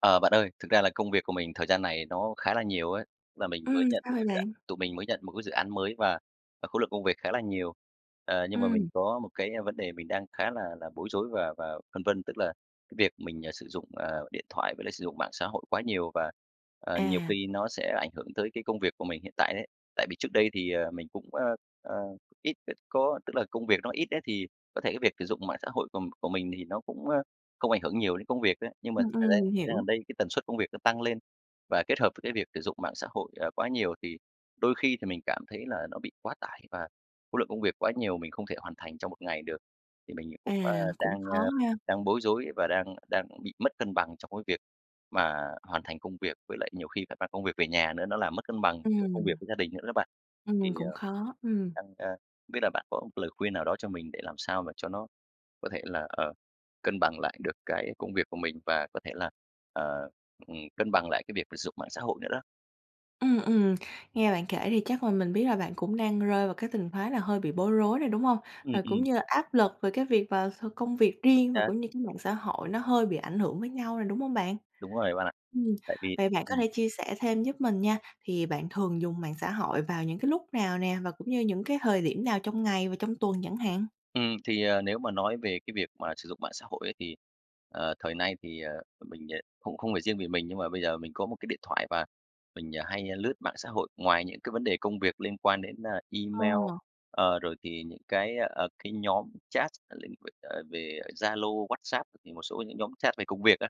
Ờ, bạn ơi, thực ra là công việc của mình thời gian này nó khá là nhiều ấy, là mình mới Ừm, nhận sao 1 vậy cái dự án, bạn? tụi mình mới nhận 1 cái dự án mới và, à, khối lượng công việc khá là nhiều. Ờ, nhưng mà mình Ừm. có một cái vấn đề mình đang khá là là bối rối và và phân vân, tức là cái việc mình, ờ, sử dụng, ờ, điện thoại với lại sử dụng mạng xã hội quá nhiều và, ờ, nhiều À. khi nó sẽ ảnh hưởng tới cái công việc của mình hiện tại đấy. Tại vì trước đây thì, ờ, mình cũng, ờ, ờ, ít có tức là công việc nó ít ấy thì có thể cái việc sử dụng mạng xã hội của của mình thì nó cũng, ơ, không ảnh hưởng nhiều đến công việc ấy, nhưng mà thật Ừm, ra ừm, mình thời gian gần hiểu. đây cái tần suất công việc nó tăng lên, và kết hợp với cái việc sử dụng mạng xã hội, ờ, quá nhiều thì đôi khi thì mình cảm thấy là nó bị quá tải và khối lượng công việc quá nhiều mình không thể hoàn thành trong 1 ngày được. Thì mình À, cũng, ơ, cũng đang, khó ơ, ha! đang bối rối và đang đang bị mất cân bằng trong cái việc mà hoàn thành công việc với lại nhiều khi phải mang công việc về nhà nữa nó làm mất cân bằng giữa công việc Ừm. với gia đình nữa á bạn. Thì, Ừm, cũng ờ, ờ, khó, ừm. đang ơ, không biết là bạn có một lời khuyên nào đó cho mình để làm sao mà cho nó có thể là, ờ, cân bằng lại được cái công việc của mình và có thể là, ờ, ừm, cân bằng lại cái việc sử dụng mạng xã hội nữa đó? Ừm, ừm, nghe bạn kể thì chắc là mình biết là bạn cũng đang rơi vào cái tình thế là hơi bị bối rối rồi, đúng hông? Ừm, Và cũng ừm. như là áp lực về cái việc và th công việc [unintelligible] riêng, và xác. cũng như cái mạng xã hội nó hơi bị ảnh hưởng với nhau rồi, đúng hông bạn? Đúng rồi đấy bạn ạ. Ừm, Tại vì vậy bạn có ừm. thể chia sẻ thêm giúp mình nha, thì bạn thường dùng mạng xã hội vào những cái lúc nào nè? Và cũng như những cái thời điểm nào trong ngày và trong tuần chẳng hạn? Ừm, thì, ờ, nếu mà nói về cái việc mà sử dụng mạng xã hội ấy, thì, ờ, thời nay thì, ờ, mình, ờ, cũng không phải riêng vì mình, nhưng mà bây giờ mình có một cái điện thoại, và mình, ờ, hay lướt mạng xã hội ngoài những cái vấn đề công việc liên quan đến, à, Ờ. email, ờ, rồi thì những cái, ơ, ờ, cái nhóm chat, [unintelligible] ờ, về, Zalo, WhatsApp, thì một số những nhóm chat về công việc á,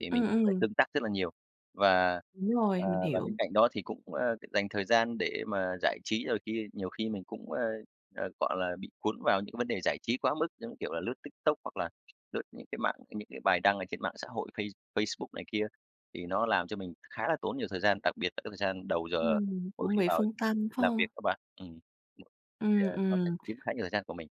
thì mình Ừm, phải ừm. tương tác rất là nhiều. Và, Đúng à, rồi, mình và bên hiểu. cạnh đó thì cũng, ơ, c dành thời gian để mà giải trí, rồi khi nhiều khi mình cũng, ơ, ờ, cọ là, bị cuốn vào những cái vấn đề giải trí quá mức, giống kiểu là lướt TikTok, hoặc là lướt những cái mạng, ơ, những cái bài đăng ở trên mạng xã hội Face Facebook này kia thì nó làm cho mình khá là tốn nhiều thời gian, đặc biệt là cái thời gian đầu giờ Ừm, mỗi cũng khi bị vào phân tâm phải làm việc hông? đó bạn, ừm, thì, Ừm, ờ, nó sẽ ừm. chiếm khá nhiều thời gian của mình.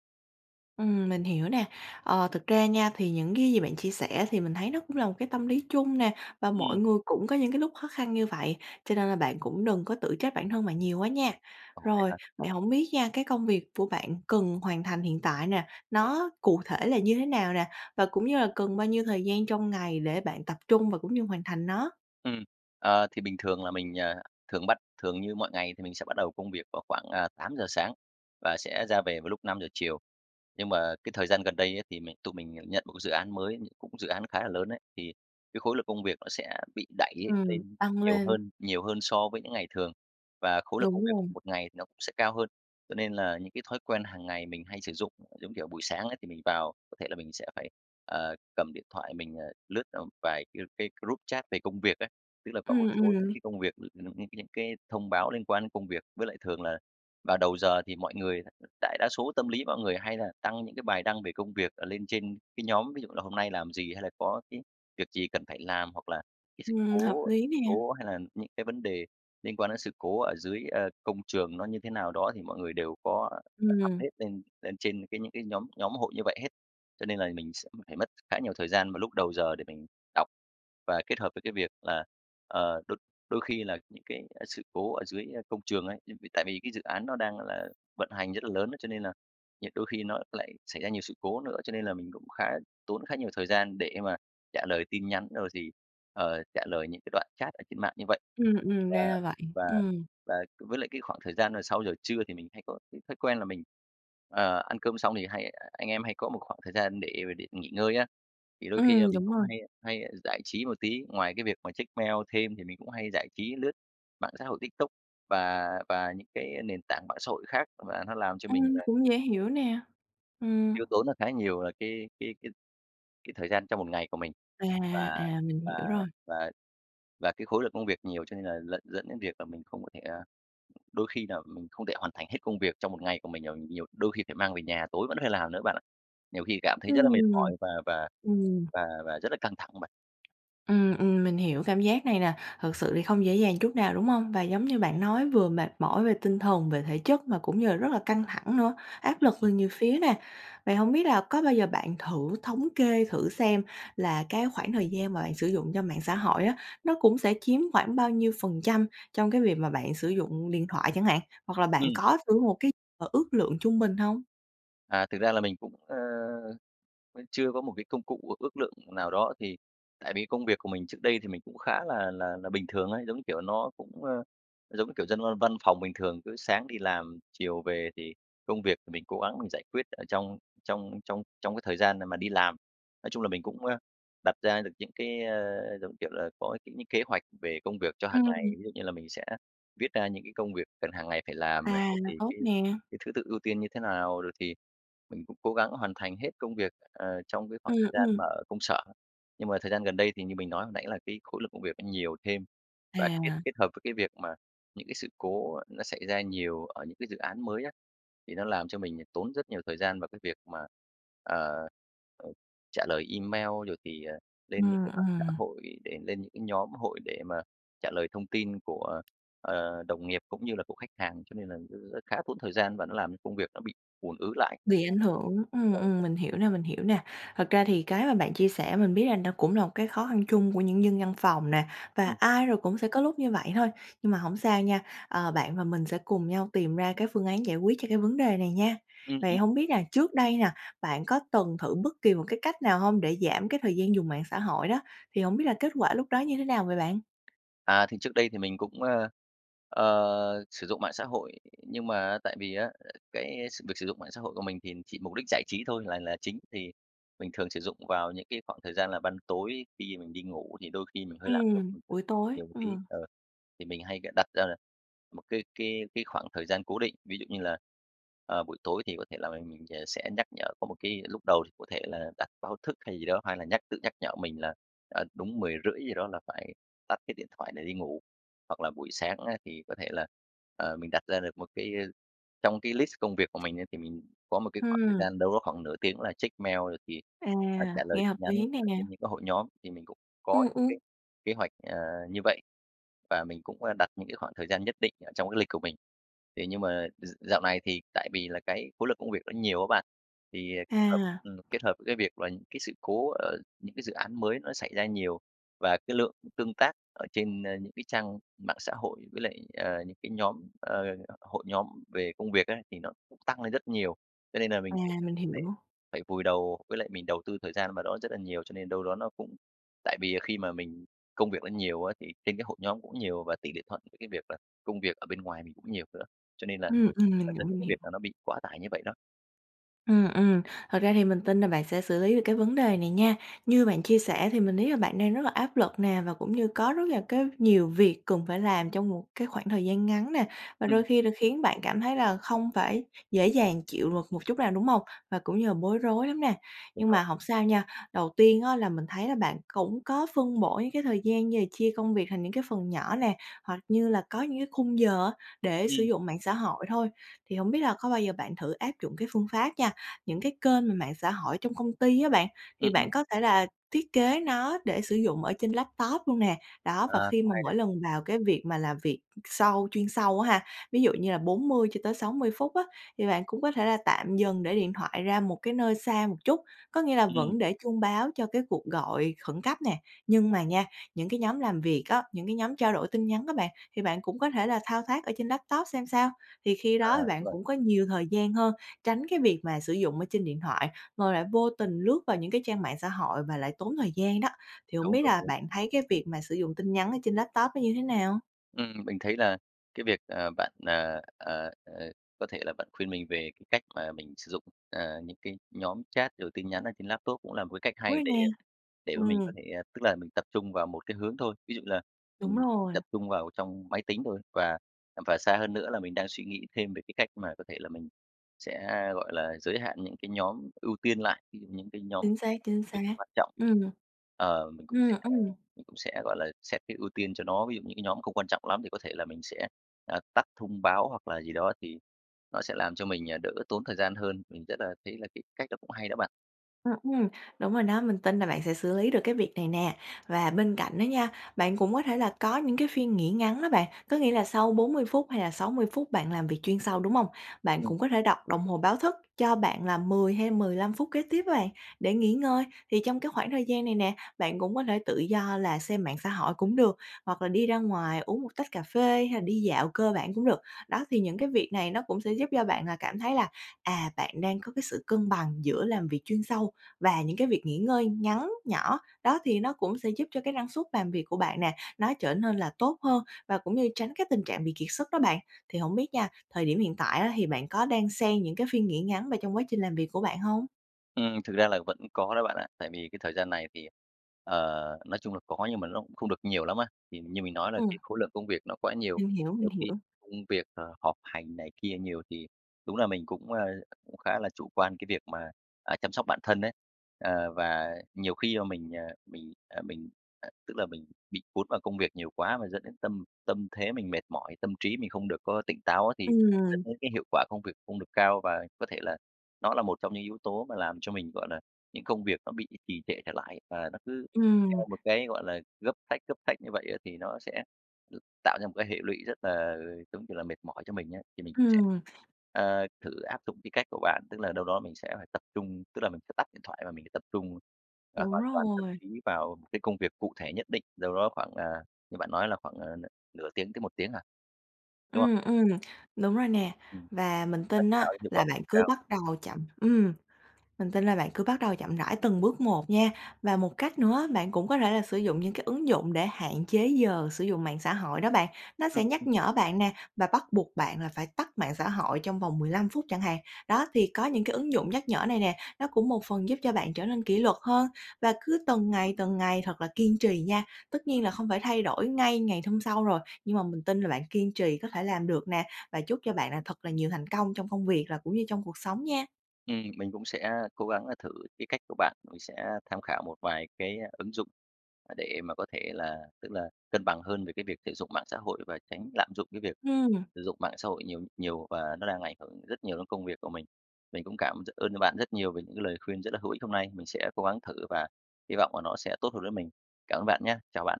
Ừm, mình hiểu nè. Ờ, thực ra nha thì những cái gì bạn chia sẻ thì mình thấy nó cũng là một cái tâm lý chung nè, và mọi Ừm. người cũng có những cái lúc khó khăn như vậy, cho nên là bạn cũng đừng có tự trách bản thân bạn nhiều quá nha. Ồ, vậy Rồi, hả? vậy hổng biết nha, cái công việc của bạn cần hoàn thành hiện tại nè, nó cụ thể là như thế nào nè? Và cũng như là cần bao nhiêu thời gian trong ngày để bạn tập trung và cũng như hoàn thành nó? Ừm. Ờ, thì bình thường là mình, ờ, thường bắt thường như mọi ngày thì mình sẽ bắt đầu công việc vào khoảng, ờ, 8:00 sáng, và sẽ ra về vào lúc 5:00 chiều. Nhưng mà cái thời gian gần đây á thì mình tụi mình nhận một cái dự án mới nh cũng dự án khá là lớn ấy, thì cái khối lượng công việc nó sẽ bị đẩy Ừm, lên tăng nhiều lên. hơn nhiều hơn so với những ngày thường, và khối lượng công Đúng việc rồi. của một ngày nó cũng sẽ cao hơn, cho nên là những cái thói quen hằng ngày mình hay sử dụng, giống kiểu, buổi sáng ấy, thì mình vào có thể là mình sẽ phải, ờ, cầm điện thoại mình, ờ, lướt tầm vài cái cái group chat về công việc ấy. Tức là có một Ừm, số những ừm. cái công việc [unintelligible] những cái thông báo liên quan đến công việc, với lại thường là vào đầu giờ thì mọi người đại đa số tâm lý mọi người hay là đăng những cái bài đăng về công việc, ờ, lên trên cái nhóm, ví dụ như là hôm nay làm gì hay là có cái việc gì cần phải làm, hoặc là cái sự Ừm, hợp cố lý nè! cố hay là những cái vấn đề liên quan đến sự cố ở dưới, ờ, công trường nó như thế nào đó thì mọi người đều có, ờ, Ừm. update lên lên trên cái những cái nhóm nhóm hội như vậy hết. Cho nên là mình sẽ phải mất khá nhiều thời gian vào lúc đầu giờ để mình đọc và kết hợp với cái việc là, ờ, đôi đôi khi là những cái, a, sự cố ở dưới, ơ, công trường ấy, [unintelligible] tại vì cái dự án nó đang là vận hành rất là lớn ấy, cho nên là nhặt đôi khi nó lại xảy ra nhiều sự cố nữa, cho nên là mình cũng khá tốn khá nhiều thời gian để mà trả lời tin nhắn rồi thì, ờ, trả lời những cái đoạn chat ở trên mạng như vậy. Ừm, ừm, Và ra là vậy. và Ừm. và với lại cái khoảng thời gian mà sau giờ trưa thì mình hay có cái thói quen là mình, ờ, ăn cơm xong thì hay anh em hay có một khoảng thời gian để mà để nghỉ ngơi á, thì đôi khi là Ừm, mình đúng cũng rồi. hay hay giải trí một tí. Ngoài cái việc mà check mail thêm thì mình cũng hay giải trí lướt mạng xã hội TikTok và và những cái nền tảng mạng xã hội khác. Và nó làm cho mình Ừm, là cũng dễ hiểu nè. Ừm. tiêu tốn là khá nhiều, ờ, cái cái cái cái thời gian trong một ngày của mình. À, Và à, mình và hiểu rồi. và và cái khối lượng công việc nhiều cho nên là dẫn dẫn đến việc là mình không có thể, à đôi khi là mình không thể hoàn thành hết công việc trong một ngày của mình rồi, nhiều đôi khi phải mang về nhà, tối vẫn phải làm nữa bạn ạ. Nhiều khi cảm thấy rất là mệt Ừm. mỏi và và Ừm. và và rất là căng thẳng bạn. Ừm, ừm, mình hiểu cảm giác này nè, thật sự thì không dễ dàng chút nào, đúng hông? Và giống như bạn nói vừa mệt mỏi về tinh thần, về thể chất mà cũng như là rất là căng thẳng nữa, áp Ừm. lực từ Ừm. nhiều phía nè. Vậy hổng biết là có bao giờ bạn thử thống kê thử xem là cái khoảng thời gian mà bạn sử dụng cho mạng xã hội á, nó cũng sẽ chiếm khoảng bao nhiêu phần trăm trong cái việc mà bạn sử dụng điện thoại chẳng hạn, hoặc là bạn Ừm. có thử một cái, ờ, ước lượng trung bình hông? À, thực ra là mình cũng, ơ, vẫn chưa có một cái công cụ ước ước lượng nào đó, thì tại vì cái công việc của mình trước đây thì mình cũng khá là là là bình thường ấy, giống như kiểu, nó cũng, ơ, giống như kiểu, dân văn văn phòng bình thường, cứ sáng đi làm, chiều về, thì công việc thì mình cố gắng mình giải quyết ở trong trong trong trong cái thời gian mà mà đi làm. Nói chung là mình cũng, a, đặt ra được những cái, ơ, giống như kiểu là, à, có những kế hoạch về công việc cho hằng ngày. Ừm. Ví dụ như là mình sẽ viết ra những cái công việc cần hằng ngày phải làm này, À, rồi là thì tốt cái nè! cái thứ tự ưu tiên như thế nào, rồi thì mình cũng cố gắng hoàn thành hết công việc, ờ, trong cái khoảng Ừm, thời gian ừm. mà ở công sở. Nhưng mà thời gian gần đây thì như mình nói hồi nãy là cái khối lượng công việc nó nhiều thêm, và kết À. kết hợp với cái việc mà những cái sự cố nó xảy ra nhiều ở những cái dự án mới á, thì nó làm cho mình tốn rất nhiều thời gian vào cái việc mà, ờ, ừ, trả lời email, rồi thì lên những Ừm, cái mạng xã ừm. hội để lên những cái nhóm hội để mà trả lời thông tin của, ờ, đồng nghiệp cũng như là của khách hàng, cho nên là r khá tốn thời gian và nó làm cho công việc nó bị ùn ứ lại. Bị ảnh hưởng, Đúng ừm, rồi. ừm, mình hiểu nè, mình hiểu nè. Thật ra thì cái mà bạn chia sẻ mình biết là nó cũng là một cái khó khăn chung của những dân văn phòng nè, và Ừm. ai rồi cũng sẽ có lúc như vậy thôi. Nhưng mà hổng sao nha, ờ, bạn và mình sẽ cùng nhau tìm ra cái phương án giải quyết cho cái vấn đề này nha. Ừm. Vậy Ừm. hổng biết là trước đây nè, bạn có từng thử bất kỳ một cái cách nào hông, để giảm cái thời gian dùng mạng xã hội đó, thì hổng biết là kết quả lúc đó như thế nào vậy bạn? À, thì trước đây thì mình cũng, ơ, ờ, sử dụng mạng xã hội. Nhưng mà á, tại vì á, à, cái việc sử dụng mạng xã hội của mình thì chỉ mục đích giải trí thôi là là chính. Thì mình thường sử dụng vào những cái khoảng thời gian là ban tối khi mình đi ngủ thì đôi khi mình hơi lạm dụng, Ừm, ừm, buổi tối, nhiều một tí, ừm. ờ. Thì mình hay c đặt ra là một cái cái cái khoảng thời gian cố định. Ví dụ như là, ờ, buổi tối thì có thể là mình mình ờ, sẽ nhắc nhở có một cái lúc đầu thì có thể mình là đặt báo thức hay gì đó, hay là nhắc tự nhắc nhở mình là, à, đúng 10:30 gì đó là phải tắt cái điện thoại để đi ngủ. Hoặc là buổi sáng á, thì có thể là, ờ, mình đặt ra được một cái trong cái list công việc của mình ấy, thì mình có một cái khoảng thời Hừm. gian đâu đó khoảng nửa tiếng là check mail rồi thì, À, ờ, trả lời nghe tin hợp nhắn lý nè. ở trên những cái hội nhóm. Thì mình cũng có Ừm, cái ừm. kế hoạch, ờ, như vậy và mình cũng, ơ, đặt những cái khoảng thời gian nhất định ở trong cái lịch của mình. Thì nhưng mà d dạo này thì tại vì là cái khối lượng công việc nó nhiều á bạn. Thì kết hợp À! ừm, kết hợp với cái việc là cái sự cố, ờ, những cái dự án mới nó xảy ra nhiều, và cái lượng tương tác ở trên, ơ, những cái trang mạng xã hội với lại, ờ, những cái nhóm ờ, h hội nhóm về công việc á, thì nó cũng tăng lên rất nhiều. Cho nên là À, mình phải mình phải hiểu. phải vùi đầu với lại mình đầu tư thời gian vào đó rất là nhiều, cho nên đâu đó nó cũng tại vì khi mà mình công việc nó nhiều á, thì trên cái hội nhóm cũng nhiều và tỷ lệ thuận với cái việc là công việc ở bên ngoài mình cũng nhiều nữa. Cho nên là Ừm, ừm, mình nó hiểu, dẫn đến mình cái việc hiểu. là nó bị quá tải như vậy đó. Ừm, ừm. Thật ra thì mình tin là bạn sẽ xử lý được cái vấn đề này nha. Như bạn chia sẻ thì mình thấy là bạn đang rất là áp lực nè, và cũng như có rất là cái nhiều việc cần phải làm trong một cái khoảng thời gian ngắn nè, và Ừm. đôi khi là khiến bạn cảm thấy là không phải dễ dàng chịu luật một chút nào, đúng hông? Và cũng như là bối rối lắm nè. Đúng Nhưng mà rồi. hổng sao nha, đầu tiên á là mình thấy là bạn cũng có phân bổ những cái thời gian như là chia công việc thành những cái phần nhỏ nè, hoặc như là có những cái khung giờ á để sử Ừm. dụng mạng xã hội thôi. Thì hổng biết là có bao giờ bạn thử áp dụng cái phương pháp nha, những cái kênh mà mạng xã hội trong công ty á bạn, thì Ừm, ừm. bạn có thể là thiết kế nó để sử dụng ở trên laptop luôn nè? Đó, và Ờ, khi cũng mà hay đấy. mỗi lần vào cái việc mà làm việc sâu chuyên sâu á ha, ví dụ như là 40 cho tới 60 phút á, thì bạn cũng có thể là tạm dừng để điện thoại ra một cái nơi xa một chút. Có nghĩa là Ừm. vẫn để chuông báo cho cái cuộc gọi khẩn cấp nè, nhưng mà nha, những cái nhóm làm việc á, những cái nhóm trao đổi tin nhắn á bạn, thì bạn cũng có thể là thao tác ở trên laptop xem sao. Thì khi À, đó thì đúng bạn rồi. cũng có nhiều thời gian hơn, tránh cái việc mà sử dụng ở trên điện thoại, rồi lại vô tình lướt vào những cái trang mạng xã hội và lại tốn thời gian đó. Thì hổng Đúng, biết đúng, là đúng. bạn thấy cái việc mà sử dụng tin nhắn ở trên laptop nó như thế nào? Ừm, mình thấy là cái việc, ờ, bạn, à, à, à, có thể là bạn khuyên mình về cái cách mà mình sử dụng, à, những cái nhóm chat rồi tin nhắn ở trên laptop cũng là một cái cách hay Ôi, để nè! để mà mình có Ừm. thể tức là mình tập trung vào 1 cái hướng thôi. Ví dụ là Đúng mình rồi. tập trung vào trong máy tính thôi và và xa hơn nữa là mình đang suy nghĩ thêm về cái cách mà có thể là mình sẽ, gọi là, giới hạn những cái nhóm ưu tiên lại, ví dụ những cái nhóm Chính xác, chính việc xác. quan trọng thì, Ừm. ờ, mình cũng Ừm, sẽ ừm. cũng sẽ, gọi là, xét cái ưu tiên cho nó. Ví dụ như những cái nhóm không quan trọng lắm thì có thể là mình sẽ, à, tắt thông báo hoặc là gì đó thì nó sẽ làm cho mình, ờ, đỡ tốn thời gian hơn. Mình rất là thấy là cái cách đó cũng hay đó bạn. Ừm, ừm, đúng rồi đó, mình tin là bạn sẽ xử lý được cái việc này nè, và bên cạnh đó nha, bạn cũng có thể là có những cái phiên nghỉ ngắn đó bạn, có nghĩa là sau 40 phút hay là 60 phút bạn làm việc chuyên sâu, đúng hông? Bạn Ừm. cũng có thể đặt đồng hồ báo thức cho bạn là 10 hay 15 phút kế tiếp á bạn để nghỉ ngơi. Thì trong cái khoảng thời gian này nè, bạn cũng có thể tự do là xem mạng xã hội cũng được hoặc là đi ra ngoài uống 1 tách cà phê hay là đi dạo cơ bản cũng được. Đó, thì những cái việc này nó cũng sẽ giúp cho bạn cảm thấy là, à, bạn đang có cái sự cân bằng giữa làm việc chuyên sâu và những cái việc nghỉ ngơi ngắn, nhỏ. Đó, thì nó cũng sẽ giúp cho cái năng suất làm việc của bạn nè, nó trở nên là tốt hơn và cũng như tránh cái tình trạng bị kiệt sức đó bạn. Thì hổng biết nha, thời điểm hiện tại á thì bạn có đan xen những cái phiên nghỉ ngắn vào trong quá trình làm việc của bạn hông? Ừm, thực ra là vẫn có đó bạn ạ. Tại vì cái thời gian này thì, ờ, nói chung là có nhưng mà ló cũng không được nhiều lắm á. Thì như mình nói là Ừm. cái khối lượng công việc nó quá nhiều, Mình hiểu, mình nhiều khi hiểu. công việc, ờ, họp hành này kia nhiều thì đúng là mình cũng, a, cũng khá là chủ quan cái việc mà, à, chăm sóc bản thân ấy. Ờ, và nhiều khi là mình, à, mình, à, mình, à tức là mình bị cuốn vào công việc nhiều quá và dẫn đến tâm tâm thế mình mệt mỏi, tâm trí mình không được có tỉnh táo á, thì dẫn Ừm. đến cái hiệu quả công việc không được cao. Và có thể là nó là một trong những yếu tố mà làm cho mình, gọi là, những công việc nó bị trì trệ trở lại, và nó cứ Ừm. theo một cái, gọi là, gấp sách, gấp sách như vậy á thì nó sẽ tạo ra một cái hệ lụy rất là, giống kiểu là, mệt mỏi cho mình á. Thì mình cũng sẽ, Ừm. ờ, thử áp dụng cái cách của bạn, tức là đâu đó mình sẽ phải tập trung tức là mình sẽ tắt điện thoại và mình, ờ, tập trung, ờ, Đúng hoàn toàn tâm rồi. trí vào cái công việc cụ thể nhất định đâu đó khoảng, ờ, như bạn nói là khoảng, ờ, n nửa tiếng tới 1 tiếng à? Đúng không? Ừm, ừm, đúng rồi nè Ừm. và mình Nó tin sẽ tạo á ra hiệu quả là bạn [unintelligible] cứ cao. bắt đầu chậm ừm, mình tin là bạn cứ bắt đầu chậm rãi từng bước một nha. Và một cách nữa á, bạn cũng có thể là sử dụng những cái ứng dụng để hạn chế giờ sử dụng mạng xã hội đó bạn, nó sẽ Ừm, nhắc ừm. nhở bạn nè, và bắt buộc bạn là phải tắt mạng xã hội trong vòng 15 phút chẳng hạn. Đó, thì có những cái ứng dụng nhắc nhở này nè, nó cũng một phần giúp cho bạn trở nên kỷ luật hơn và cứ từng ngày từng ngày thật là kiên trì nha. Tất nhiên là Ừm. không phải thay đổi ngay ngày hôm sau rồi nhưng mà mình tin là bạn kiên trì có thể làm được nè, và chúc cho bạn là thật là nhiều thành công trong công việc là cũng như trong cuộc sống nha. Ừm, mình cũng sẽ cố gắng là thử cái cách của bạn. Mình sẽ tham khảo một vài cái ứng dụng mà để mà có thể là, tức là, cân bằng hơn về cái việc sử dụng mạng xã hội và tránh lạm dụng cái việc Ừm. sử dụng mạng xã hội nhiều nhiều và nó đang ảnh hưởng rất nhiều đến công việc của mình. Mình cũng cảm rất ơn cho bạn rất nhiều về những cái lời khuyên rất là hữu ích hôm nay, mình sẽ cố gắng thử và hy vọng là nó sẽ tốt hơn với mình. Cảm ơn bạn nhá! Chào bạn.